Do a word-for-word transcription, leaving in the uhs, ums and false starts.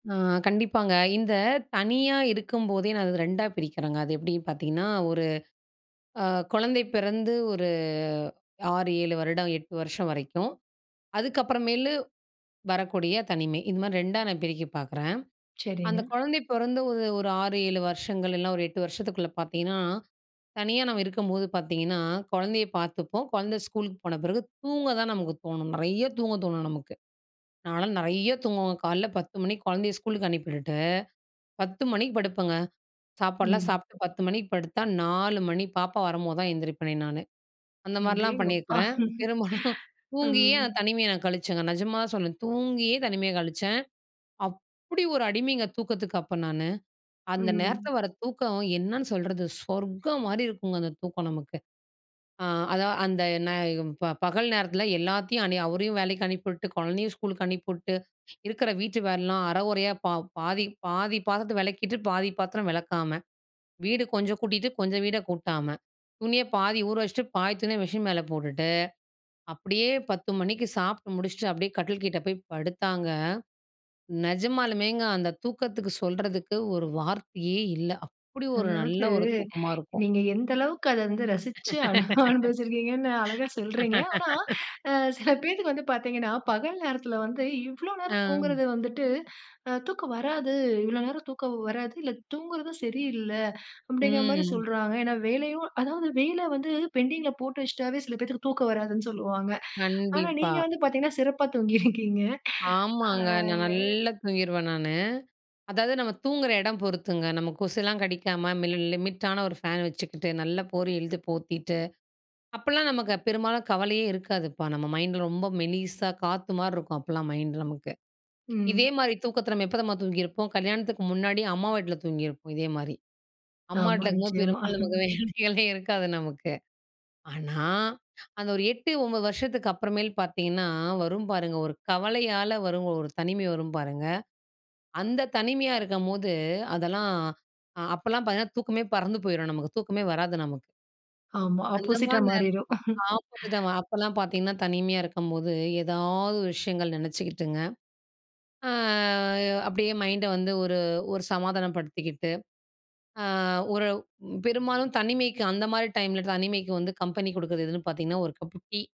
ஆ, கண்டிப்பாங்க. இந்த தனியா இருக்கும்போதே அத ரெண்டா பிரிக்கிறேங்க. அது எப்படின்னு பார்த்தீங்கன்னா, ஒரு அ கொழந்தை பெறந்து ஒரு அறு, ஏழு வருடம் எட்டு வருஷம் வரைக்கும் அதுக்கப்புறமேலு வரக்கூடிய தனிமை இது மாதிரி ரெண்டா நான் பிரிக்க பார்க்கிறேன். அந்த சரிங்க. குழந்தை பொறந்து ஒரு ஒரு அறு, ஏழு வருஷங்கள் எல்லாம் இல்ல ஒரு எட்டு வருஷத்துக்குள்ள பார்த்திங்கன்னா, தனியா நம்ம இருக்கும்போது பார்த்தீங்கன்னா, கொழந்தைய பார்த்துப்போம் கொழந்த ஸ்கூலுக்கு போன பிறகு தூங்க தான் நமக்கு தோணும். நெறைய தூங்க தோணும் நமக்கு. நான்லாம் நெறையா தூங்குவ காலையில பத்து மணிக்கு கொழந்தைய ஸ்கூலுக்கு அனுப்பிவிட்டுட்டு பத்து மணிக்கு படுப்பங்க, சாப்பாடுலாம் ம். சாப்பிட்டு பத்து மணிக்கு படுத்தா நாலு மணி பாப்பா வரும்போது தான் எழுந்திரிப்பேனே நானு. அந்த மாரிலாம் அடேங்கப்பா. பண்ணியிருக்கிறேன். பெரும்பாலும் தூங்கியே ம். அந்த தனிமைய நான் கழிச்சேங்க நிஜமா தான் சொல்றேன். தூங்கியே தனிமைய கழிச்சேன். அப்படி ஒரு அடிமைங்க தூக்கத்துக்கு அப்போ நானு. அந்த ம். நேரத்தில வர்ற தூக்கம் என்னன்னு சொல்றது, சொர்க்கம் மாரி இருக்குங்க. அந்த தூக்கம் நமக்கு. அதான் அந்த நா ப பகல் நேரத்தில எல்லாத்தையும் அனு அவரையும் வேலைக்கு அனுப்பிவிட்டு, கொழந்தையும் ஸ்கூலுக்கு அனுப்பிவிட்டு, இருக்கிற வீட்டு வேலைலாம் அர கொறையா பாதி பாதி பாத்திரத்த வெளக்கிட்டு, பாதி பாத்திரம் வெளக்காம ,வீடு கொஞ்சம் கூட்டிட்டு கொஞ்சம் வீட கூட்டாம, துணிய பாதி ஊற வச்சுட்டு பாதி துணிய மிஷின் மேல போட்டுட்டு, அப்படியே பத்து மணிக்கு சாப்ட்டு முடிச்சுட்டு, அப்படியே கட்டில் கிட்டே போய் படுத்தாங்க, நெஜமாலுமேங்க அந்த தூக்கத்துக்கு சொல்றதுக்கு ஒரு வார்த்தையே இல்ல, அப்படி ஒரு நல்ல அதாவது ஒரு தூக்கமா இருக்கும். நீங்க எந்த அளவுக்கு அத வந்து ரசிச்சு அழகா அனுபவிச்சிருக்கீங்கன்னு அழகா சொல்றீங்க. ஆனா, சில பேத்துக்கு வந்து பார்த்தீங்கன்னா, பகல் நேரத்தில வந்து இவ்ளோ நேரம் ஆ. தூங்குறது வந்துட்டு, அ தூக்கம் வராது. இவ்வளோ நேரம் தூக்கம் வராது. இல்ல தூங்குறதும் சரியில்ல, அப்படிங்கிற மாதிரி ம். சொல்றாங்க. ஏனா வேலையும் அதாவது வேல வந்து பெண்டிங்கில போட்டு வச்சுட்டாவே சில பேத்துக்கு தூக்கம் வராதுன்னு சொல்லுவாங்க. ஆனா, கண்டிப்பா. நீங்க வந்து பார்த்திங்கன்னா சிறப்பா தூங்கியிருக்கீங்க. ஆ ஆமாங்க, நான் நல்லா தூங்கிருவேன் நானு. அதாவது நம்ம தூங்கிற எடம் பொறுத்துங்க நம்ம கொசுலாம் கடிக்காம லிமிட்டான ஒரு ஃபேன் வச்சுக்கிட்டு நல்ல போர்வைய இழுதி போத்திட்டு. அப்பலாம் நமக்கு பெரும்பாலும் கவலையே இருக்காதுப்பா. நம்ம மைண்டில் ரொம்ப மெலிசா காத்து மாரி இருக்கும். அப்போலாம் மைண்டு நமக்கு. இதே ம். மாரி தூக்கத்த நம்ம எப்போ தம்மா தூங்கியிருப்போம் கல்யாணத்துக்கு முன்னாடி அம்மா வீட்ல தூங்கியிருப்போம். இதே மாரி. அம்மா ஆமா, வீட்ல இருக்கும்போது நிச்சயமா. பெரும்பாலும் நமக்கு வேலையே இருக்காது நமக்கு. ஆனா, அந்த ஒரு எட்டு, ஒன்பது வருஷத்துக்கு அப்புறமேல் பார்த்தீங்கன்னா, வரும் பாருங்க ஒரு கவலையால வரும் ஒரு தனிமை வரும் பாருங்க, அந்த தனிமையா இருக்கும்போது, அதெல்லாம் அப்போலாம் பார்த்திங்கன்னா, தூக்கமே பறந்து போய்ரும் நமக்கு தூக்கமே வராது நமக்கு. ஆமா, அந்த ஆப்போசிட்டா மாரி நேர மாறிரும். ஆப்போசிட்டா அப்போலாம் பார்த்தீங்கன்னா, தனிமையா இருக்கும்போது ஏதாவது விஷயங்கள் நெனைச்சுக்கிட்டுங்க. ஆ அப்படியே மைண்ட வந்து ஒரு ஒரு சமாதானப்படுத்திக்கிட்டு அ, ஒரு பெரும்பாலும் தனிமைக்கு அந்த மாரி டைமில தனிமைக்கு வந்து கம்பெனி குடுக்குறது எதுன்னு பார்த்தீங்கன்னா, ஒரு கப்பு டீ.